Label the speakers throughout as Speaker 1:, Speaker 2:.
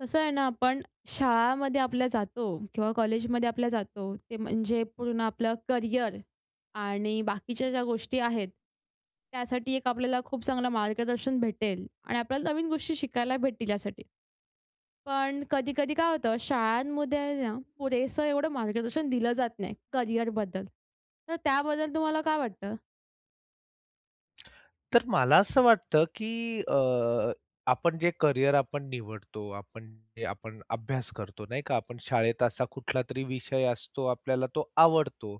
Speaker 1: कसं आहे ना आपण शाळामध्ये आपल्या जातो किंवा कॉलेजमध्ये आपल्या जातो, ते म्हणजे पूर्ण आपलं करियर आणि बाकीच्या ज्या गोष्टी आहेत त्यासाठी एक आपल्याला खूप चांगलं मार्गदर्शन भेटेल आणि आपल्याला नवीन गोष्टी शिकायला भेटतील यासाठी. पण कधी-कधी काय होतं, शाळांमध्ये ना पुरेसं एवढं मार्गदर्शन दिलं जात नाही करियरबद्दल. तर त्याबद्दल तुम्हाला काय वाटतं?
Speaker 2: तर मला असं वाटतं की अ, आपण जे करियर आपण निवडतो, आपण जे आपण अभ्यास करतो, नाही का, आपण शाळेत असा कुठलातरी विषय असतो आपल्याला तो आवडतो,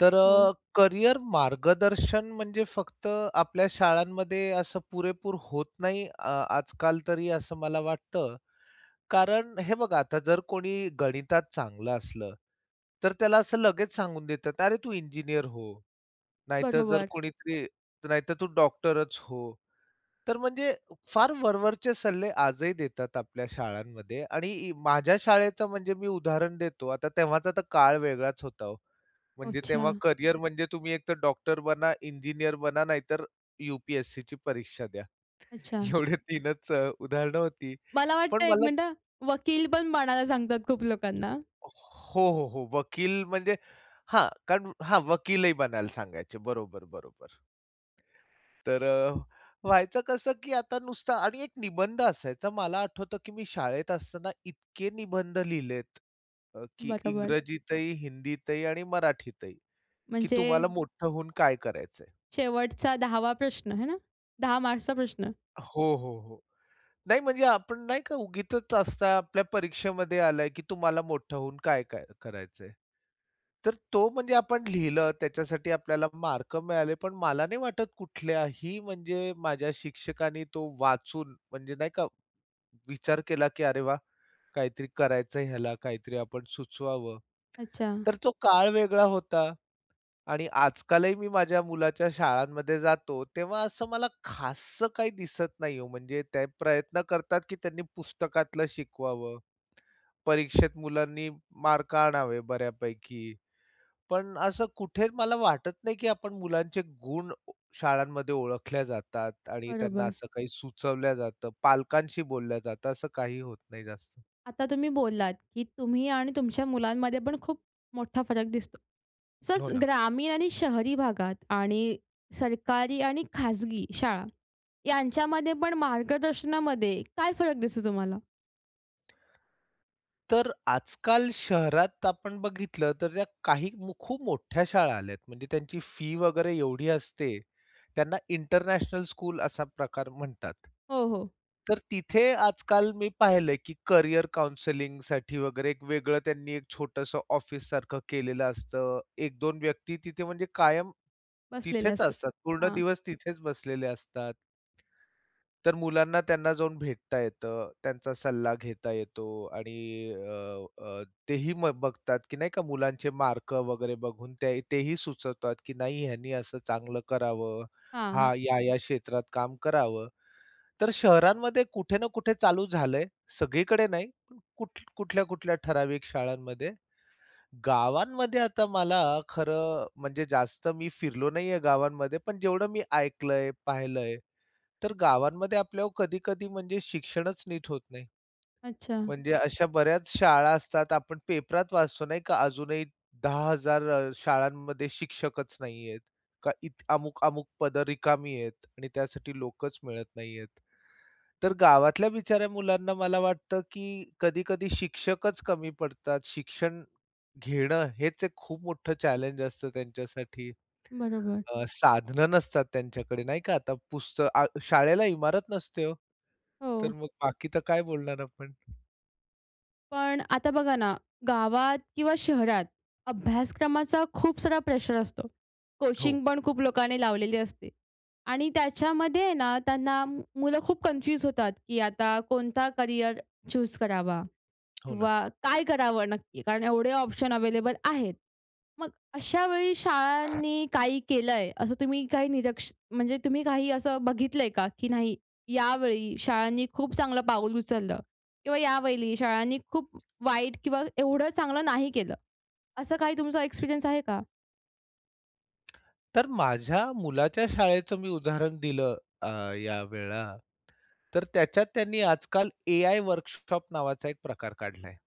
Speaker 2: तर
Speaker 1: हो.
Speaker 2: अ, करियर मार्गदर्शन म्हणजे फक्त आपल्या शाळांमध्ये असं पुरेपूर होत नाही अ, आजकाल तरी असं मला वाटतं, कारण हे बघा आता जर कोणी गणितात चांगलं असलं तर त्याला असं लगेच सांगून देतात, "अरे तू इंजिनियर हो," नाहीतर जर
Speaker 1: बरोबर.
Speaker 2: कोणीतरी नाहीतर "तू डॉक्टरच हो." तर म्हणजे फार वरवरचे सल्ले आजही देतात आपल्या शाळांमध्ये. आणि इ माझ्या शाळेचं म्हणजे मी उदाहरण देतो. आता तेव्हाचा तर काळ वेगळाच होता हो. म्हणजे
Speaker 1: अच्छा.
Speaker 2: तेव्हा करियर म्हणजे तुम्ही एक तर डॉक्टर बना, इंजिनियर बना नाहीतर यू-पी-एस-सीची परीक्षा द्या.
Speaker 1: अच्छा.
Speaker 2: एवढे 3च अ, उदाहरणं होती,
Speaker 1: मला वाटतं
Speaker 2: पण
Speaker 1: 1
Speaker 2: मला
Speaker 1: मिनिटं हां, वकील पण बनायला सांगतात खूप लोकांना.
Speaker 2: हो, हो, हो वकील म्हणजे हां, कारण हां, वकीलही बनायला सांगायचे. बरोबर, बरोबर. तर अ, व्हायचं कसं की आता नुसता आणि एक निबंध असायचा. मला आठवतं की मी शाळेत असताना इतके निबंध लिहिलेत, अ, की
Speaker 1: बरोबर.
Speaker 2: इंग्रजीतही, हिंदीतही आणि मराठीतही की
Speaker 1: म्हणजे
Speaker 2: तुम्हाला मोठं होऊन काय करायचंय?
Speaker 1: शेवटचा 10वा प्रश्न हे ना? 10 मार्क्सचा प्रश्न.
Speaker 2: हो, हो, हो. नाही म्हणजे, आपण नाही का उगीचच असता आपल्या परीक्षेमध्ये आला की तुम्हाला मोठं होऊन काय काय करायचंय? तर तो म्हणजे आपण लिहिलं त्याच्यासाठी आपल्याला मार्क मिळाले. पण मला नाही वाटत कुठल्याही म्हणजे माझ्या शिक्षकांनी तो वाचून म्हणजे, नाही का, विचार केला की "अरे वाह! काहीतरी करायचंय ह्याला, काहीतरी आपण सुचवावं."
Speaker 1: अच्छा.
Speaker 2: तर तो काळ वेगळा होता आणि आजकालही मी माझ्या मुलाच्या शाळांमध्ये जातो, तेव्हा असं मला खाससं काही दिसत नाही हो. म्हणजे ते प्रयत्न करतात की त्यांनी पुस्तकातलं शिकवावं. परीक्षेत मुलांनी मार्क आणावे बऱ्यापैकी. पण असं कुठे मला वाटत नाही की आपण मुलांचे गुण ओ शाळांमध्ये ओळखल्या जातात आणि त्यांना
Speaker 1: बरोबर.
Speaker 2: असं काही सुचवल्या जातं, पालकांशी बोलल्या जातं. असं काही होत नाही जास्त.
Speaker 1: आता तुम्ही बोललात की तुम्ही आणि तुमच्या मुलांमध्ये पण खूप मोठा फरक दिसतो.
Speaker 2: हो
Speaker 1: तसंच
Speaker 2: ना.
Speaker 1: ग्रामीण आणि शहरी भागात आणि सरकारी आणि खाजगी शाळा, यांच्यामध्ये पण मार्गदर्शनामध्ये काय फरक दिसतो तुम्हाला?
Speaker 2: तर आजकाल शहरात आपण बघितलं तर त्या काही म खूप मोठ्या शाळा आल्यात. म्हणजे त्यांची फी वगैरे एवढी असते त्यांना इंटरनॅशनल स्कूल असा प्रकार म्हणतात.
Speaker 1: हो, हो.
Speaker 2: तर तिथे आजकाल मी पाहिलंय की करियर काउंसलिंगसाठी वगैरे एक वेगळं त्यांनी एक छोटंसं ऑफिस सारखं केलेलं असतं. 1 2 व्यक्ती तिथे म्हणजे कायम
Speaker 1: बसलेले
Speaker 2: तिथेच
Speaker 1: असतात,
Speaker 2: असतात, पूर्ण
Speaker 1: हां.
Speaker 2: दिवस तिथेच बसलेले असतात. तर मुलांना त्यांना जाऊन भेटता येतं, त्यांचा सल्ला घेता येतो आणि अ, अ, तेही मग बघतात की नाही का मुलांचे मार्क वगैरे बघून ते तेही सुचवतात की नाही ह्यांनी असं चांगलं करावं,
Speaker 1: हां.
Speaker 2: हा या-या क्षेत्रात काम करावं. तर शहरांमध्ये कुठे ना कुठे चालू झालंय, सगळीकडे नाही. पण कुठ कुठल्या-कुठल्या ठराविक शाळांमध्ये. गावांमध्ये आता मला खरं म्हणजे जास्त मी फिरलो नाही आहे गावांमध्ये. पण जेवढं मी ऐकलंय, पाहिलंय तर गावांमध्ये आपल्यावर कधी-कधी म्हणजे शिक्षणच नीट होत नाही.
Speaker 1: अच्छा.
Speaker 2: म्हणजे अशा बऱ्याच शाळा असतात आपण पेपरात वाचतो नाही का, अजूनही 10000 शाळांमध्ये शिक्षकच नाहीये का इथं अमुक-मुक पदं रिकामी आहेत आणि त्यासाठी लोकच मिळत नाहीयेत. तर गावातल्या बिचाऱ्या मुलांना मला वाटतं की कधी-कधी शिक्षकच कमी पडतात शिक्षण घेणं हेच एक खूप मोठं चॅलेंज असतं त्यांच्यासाठी.
Speaker 1: बरोबर.
Speaker 2: अ, साधनं नसतात त्यांच्याकडे नाही का, आता पुस्त अ, शाळेला इमारत नसते हो. तर
Speaker 1: हो.
Speaker 2: मग बाकी तर काय बोलणार आपण?
Speaker 1: पण आता बघा ना, गावात किंवा शहरात अभ्यासक्रमाचा खूप सारा प्रेशर असतो.
Speaker 2: हो.
Speaker 1: कोचिंग पण खूप लोकांनी लावलेली असते आणि त्याच्यामध्ये आहे ना त्यांना म मुलं खूप कन्फ्यूज होतात की आता कोणता करियर चूज करावा
Speaker 2: हो ना.
Speaker 1: किंवा काय करावं नक्की? कारण एवढे ऑप्शन अवेलेबल आहेत. मग अशा वेळी शाळांनी काही केलंय? असं तुम्ही काही निरक्ष म्हणजे तुम्ही काही असं बघितलंय का? की नाही यावेळी शाळांनी खूप चांगलं पाऊल उचललं किंवा यावेळी शाळांनी खूप व वाईट किंवा एवढं चांगलं नाही केलं. असं काही तुमचा एक्सपिरियन्स आहे का?
Speaker 2: तर माझ्या मुलाच्या शाळेचं मी उदाहरण दिलं, अ, या वेळा तर त्याच्यात त्यांनी आजकाल एआय वर्कशॉप नावाचा एक प्रकार काढलाय.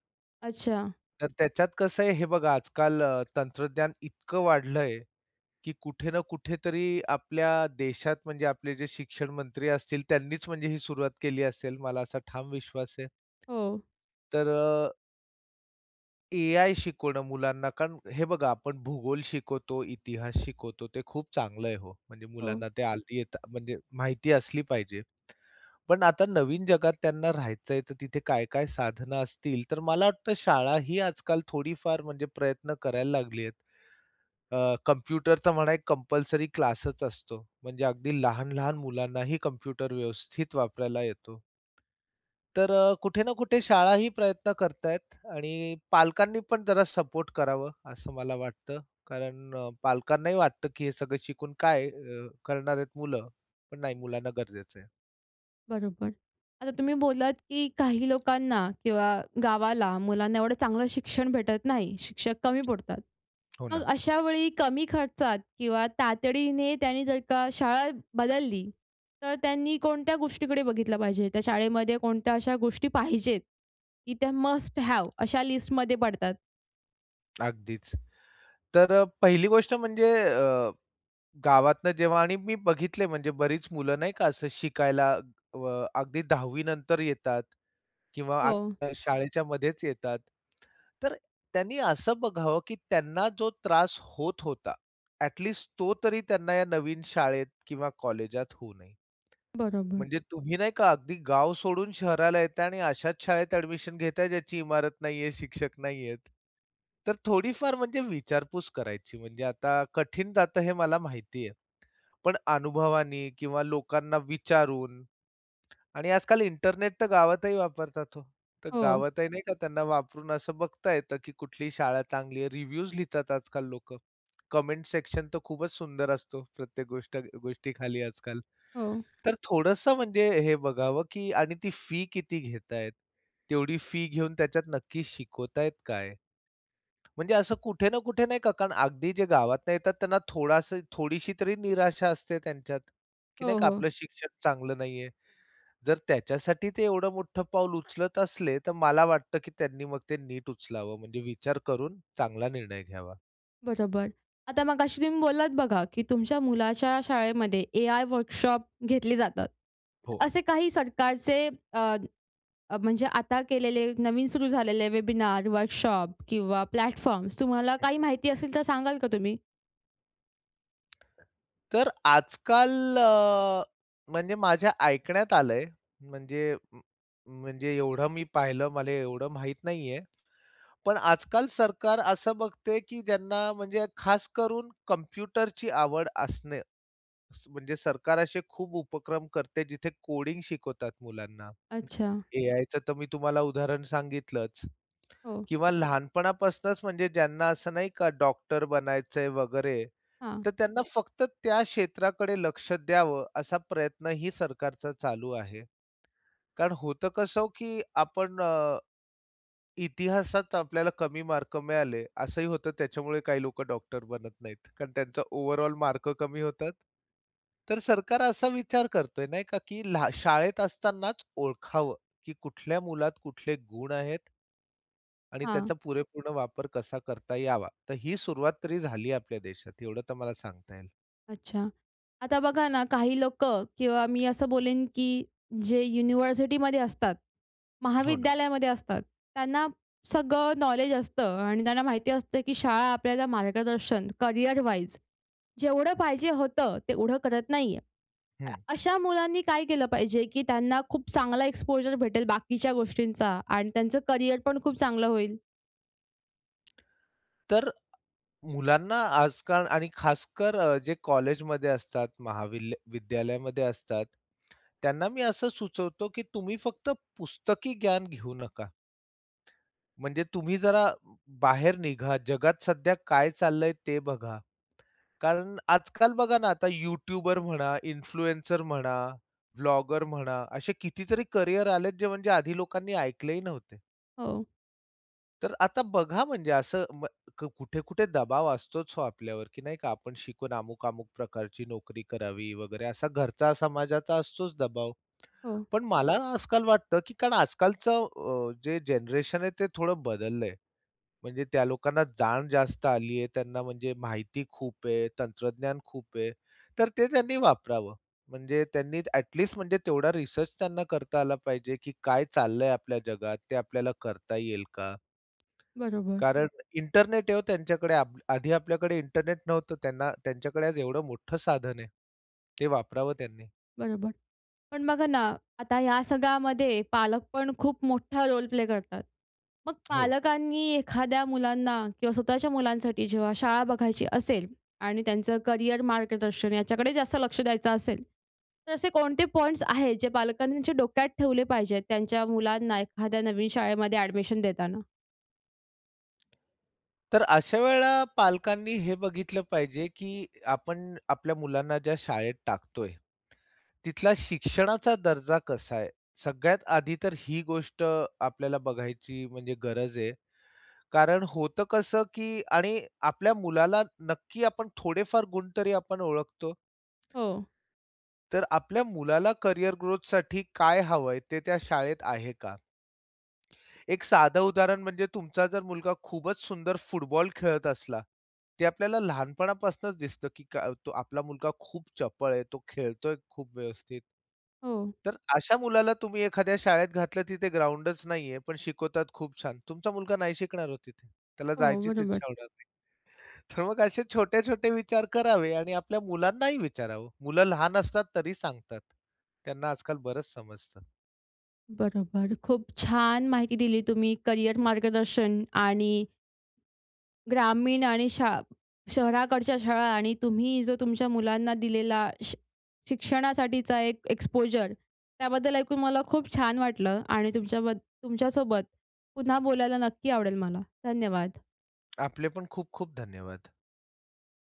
Speaker 1: अच्छा.
Speaker 2: तर त्याच्यात कसं आहे हे बघा, आजकाल तंत्रज्ञान इतकं वाढलं आहे, की कुठे ना कुठेतरी आपल्या देशात म्हणजे आपले जे शिक्षण मंत्री असतील, त्यांनीच म्हणजे ही सुरुवात केली असेल, मला असा ठाम विश्वास आहे.
Speaker 1: हो.
Speaker 2: तरं ए आय शिकवणं मुलांना कारण हे बघा, आपण भूगोल शिकवतो, इतिहास शिकवतो, ते खूप चांगलं आहे हो. म्हणजे
Speaker 1: हो.
Speaker 2: मुलांना ते हल्ली येत म्हणजे माहिती असली पाहिजे. पण आता नवीन जगात त्यांना राहायचं आहे, तर तिथे काय-काय साधनं असतील, तर मला वाटतं शाळा ही आजकाल थोडीफार म्हणजे प्रयत्न करायला लागली आहे. अ, कम्प्युटरचा म्हणा, एक कंपल्सरी क्लासच असतो. म्हणजे अगदी लहान-लहान मुलांनाही कम्प्युटर व्यवस्थित वापरायला येतो. तर अ, कुठे ना कुठे शाळाही प्रयत्न करत आहेत आणि पालकांनी पण जरा सपोर्ट करावं असं मला वाटतं. कारण पालकांनाही वाटतं, की हे सगळं शिकून काय करणार आहेत मुलं? पण नाही, मुलांना गरजेचं आहे.
Speaker 1: बरोबर, आता तुम्ही बोललात, की काही लोकांना किंवा गावाला, मुलांना एवढं चांगलं शिक्षण भेटत नाही, शिक्षक कमी पडतात.
Speaker 2: हो
Speaker 1: मग
Speaker 2: ना.
Speaker 1: अशावेळी कमी खर्चात किंवा तातडीने त्यांनी जर का शाळा बदलली तर त्यांनी कोणत्या गोष्टीकडे बघितलं पाहिजे त्या शाळेमध्ये कोणत्या अशा गोष्टी पाहिजेत की त्या मस्ट हॅव अशा लिस्टमध्ये पडतात.
Speaker 2: अगदीच तर पहिली गोष्ट म्हणजे अ, गावातनं जेव्हा आणि मी बघितले म्हणजे बरीच मुलं नाही का, असं शिकायला अ, अगदी 10वी नंतर येतात किंवा
Speaker 1: हो.
Speaker 2: आत्ता शाळेच्यामध्येच येतात, तर त्यांनी असं बघावं की त्यांना जो त्रास होत होता ॲटलीस्ट तो तरी त्यांना या नवीन शाळेत किंवा कॉलेजात होऊ नये.
Speaker 1: बरोबर
Speaker 2: म्हणजे तुम्ही नाही का अगदी गाव सोडून शहराला येताय आणि अशाच शाळेत ऍडमिशन घेताय ज्याची इमारत नाहीये, शिक्षक नाहीयेत. तर थोडी-फार म्हणजे विचारपूस करायची. म्हणजे आता कठीण जातं हे मला माहिती आहे. पण अनुभवाने किंवा लोकांना विचारून आणि आज-काल इंटरनेट तर गावातही वापरतात हो तर
Speaker 1: हो.
Speaker 2: गावातही नाही का त्यांना वापरून असं बघता येतं की कुठली शाळा चांगली आहे. रिव्ह्यूज लिहितात आज-काल लोकं. कमेंट-सेक्शन तर खूपच सुंदर असतो, प्रत्येक गोष्ट गोष्टीखाली आज-काल.
Speaker 1: हो.
Speaker 2: तर थोडंसं म्हणजे हे बघावं, की आणि ती फी किती घेतायेत? तेवढी फी घेऊन त्याच्यात नक्की शिकवतायत काय? म्हणजे असं कुठे ना कुठे नाही का कारण अगदी जे गावातून येतात त्यांना थोडासा थोडीशी तरी निराशा असते त्यांच्यात की
Speaker 1: हो, हो.
Speaker 2: आपलं शिक्षण चांगलं नाहीये. जर त्याच्यासाठी ते एवढं मोठं पाऊल उचलत असले, तर मला वाटतं की त्यांनी मग ते नीट उचलावं, म्हणजे विचार करून चांगला निर्णय घ्यावा.
Speaker 1: बरोबर. आता मगाशी तुम्ही बोललात बघा, की तुमच्या मुलाच्या शाळेमध्ये एआय वर्कशॉप घेतले जातात.
Speaker 2: हो.
Speaker 1: असे काही सरकारचे अ, अ, म्हणजे आता केलेले, नवीन सुरू झालेले वेबिनार, वर्कशॉप किंवा प्लॅटफॉर्म्स तुम्हाला
Speaker 2: हं.
Speaker 1: काही माहिती असेल तर सांगाल का तुम्ही?
Speaker 2: तर आजकाल अ, म्हणजे माझ्या ऐकण्यात आलंय, म्हणजे म्हणजे एवढं मी पाहिलं, मले एवढं माहीत नाहीये, पण आजकाल सरकार असं बघते, की ज्यांना म्हणजे खास करून कम्प्युटरची आवड असणे, म्हणजे सरकार असे खूप उपक्रम करते, जिथे कोडिंग शिकवतात मुलांना.
Speaker 1: अच्छा.
Speaker 2: एआयचं तर मी तुम्हाला उदाहरण सांगितलंच
Speaker 1: हो.
Speaker 2: किंवा लहानपणापासूनच म्हणजे ज्यांना असं नाही का डॉक्टर बनायचंय वगैरे,
Speaker 1: हां
Speaker 2: तर त्यांना फक्त त्या क्षेत्राकडे लक्ष द्यावं असा प्रयत्नही सरकारचा चालू आहे. कारण होतं कसं की आपण अ, इतिहासात आपल्याला कमी मार्क मिळाले. असंही होतं त्याच्यामुळे काही लोकं डॉक्टर बनत नाहीत. कारण त्यांचा ओव्हरऑल मार्क कमी होतात. तर सरकार असा विचार करतोय नाही का, की लहा शाळेत असतानाच ओळखावं की कुठल्या मुलात कुठले गुण आहेत आणि
Speaker 1: हां.
Speaker 2: त्याचा पुरेपूर्ण वापर कसा करता यावा. तर ही सुरुवात तरी झालीये आपल्या देशात, एवढं तर मला सांगता येईल.
Speaker 1: अच्छा. आता बघा ना, काही लोकं किंवा मी असं बोलन, की जे युनिव्हर्सिटीमध्ये असतात,
Speaker 2: हो, ना.
Speaker 1: महाविद्यालयामध्ये असतात, त्यांना सगळं नॉलेज असतं आणि त्यांना माहिती असतं की शाळा आपल्याला मार्गदर्शन, करियर वाईज जेवढं पाहिजे होतं, तेवढं करत नाहीये. अ,
Speaker 2: हं.
Speaker 1: अशा मुलांनी काय केलं पाहिजे, की त्यांना खूप चांगला एक्सपोजर भेटेल बाकीच्या गोष्टींचा आणि त्यांचं करियर पण खूप चांगलं होईल?
Speaker 2: तर, मुलांना आजकाल आणि खासकर जे कॉलेजमध्ये असतात, महाविल विद्यालयामध्ये असतात, त्यांना मी असं सुचवतो की तुम्ही फक्त पुस्तकी ज्ञान घेऊ नका. म्हणजे तुम्ही जरा बाहेर निघा, जगात सध्या काय चालल आहे ते बघा. कारण आजकाल बघा ना, आता यूट्यूबर म्हणा, इन्फ्लुएन्सर म्हणा, ब्लॉगर म्हणा असे कितीतरी करियर आलेत, जे म्हणजे आधी लोकांनी ऐकलेही नव्हते.
Speaker 1: हो.
Speaker 2: तर आता बघा, म्हणजे असं ब क कुठे-कुठे दबाव असतोच हो आपल्यावर, की नाही का आपण शिकून अमुक-अमुक प्रकारची नोकरी करावी, वगैरे असा घरचा, समाजाचा असतोच दबाव.
Speaker 1: हो.
Speaker 2: पण मला आजकाल वाटतं की कारण आजकालचं अ, जे जनरेशन आहे ते थोडं बदललंय. म्हणजे त्या लोकांना जाण जास्त आली आहे, त्यांना म्हणजे माहिती खूप आहे, तंत्रज्ञान खूप आहे तर ते त्यांनी वापरावं. म्हणजे त्यांनी ॲटलीस्ट म्हणजे तेवढा रिसर्च त्यांना करता आला पाहिजे, की काय चाललंय आपल्या जगात ते आपल्याला करता येईल का?
Speaker 1: बरोबर.
Speaker 2: कारण इंटरनेट आहे हो त्यांच्याकडे. आब आधी आपल्याकडे इंटरनेट नव्हतं त्यांना त्यांच्याकडे आज एवढं मोठं साधन आहे, ते वापरावं त्यांनी.
Speaker 1: बरोबर. पण बघा ना, आता ह्या सगळ्यामध्ये पालक पण खूप मोठा रोल प्ले करतात. मग
Speaker 2: हो.
Speaker 1: पालकांनी एखाद्या मुलांना किंवा स्वतःच्या मुलांसाठी जेव्हा शाळा बघायची असेल आणि त्यांचं करियर मार्गदर्शन याच्याकडे जास्त लक्ष द्यायचं असेल, तर असे कोणते पॉइंट्स आहेत जे पालकांनी त्यांच्या डोक्यात ठेवले पाहिजेत, त्यांच्या मुलांना एखाद्या नवीन शाळेमध्ये ॲडमिशन देताना?
Speaker 2: तर अशा वेळेला पालकांनी हे बघितलं पाहिजे, की आपण आपल्या मुलांना ज्या शाळेत टाकतोय, तिथला शिक्षणाचा दर्जा कसा आहे? सगळ्यात आधी तर ही गोष्ट आपल्याला बघायची म्हणजे गरज आहे. कारण होतं कसं, की आणि आपल्या मुलाला नक्की आपण थोडेफार गुण तरी आपण ओळखतो.
Speaker 1: हो.
Speaker 2: तर आपल्या मुलाला करिअर ग्रोथसाठी काय हवंय, ते त्या शाळेत आहे का? एक साधं उदाहरण म्हणजे, तुमचा जर मुलगा खूपच सुंदर फुटबॉल खेळत असला, ते आपल्याला लहानपणापासूनच दिसतं, की त आपला मुलगा खूप चपळ आहे, तो खेळतोय खूप व्यवस्थित.
Speaker 1: हो.
Speaker 2: तर अशा मुलाला तुम्ही एखाद्या शाळेत घातलं, तिथे ग्राउंडच नाहीये, पण शिकवतात खूप छान तुमचा मुलगा नाही शिकणार हो तिथे. त्याला
Speaker 1: हो,
Speaker 2: जायचीच
Speaker 1: बरोबर.
Speaker 2: इच्छा होणार नाही. तर मग असे छोटे-छोटे विचार करावे आणि आपल्या मुलांनाही विचारावं, मुलं लहान असतात तरी सांगतात. त्यांना आजकाल बरंच समजतं.
Speaker 1: बरोबर, खूप छान माहिती दिली तुम्ही करियर मार्गदर्शन आणि ग्रामीण आणि शा शहराकडच्या शाळा आणि तुम्ही जो तुमच्या मुलांना दिलेला शि शिक्षणासाठीचा एक एक्सपोजर त्याबद्दल ऐकून मला खूप छान वाटलं आणि तुमच्याबद तुमच्यासोबत पुन्हा बोलायला नक्की आवडेल मला. धन्यवाद.
Speaker 2: आपले पण खूप-खूप धन्यवाद.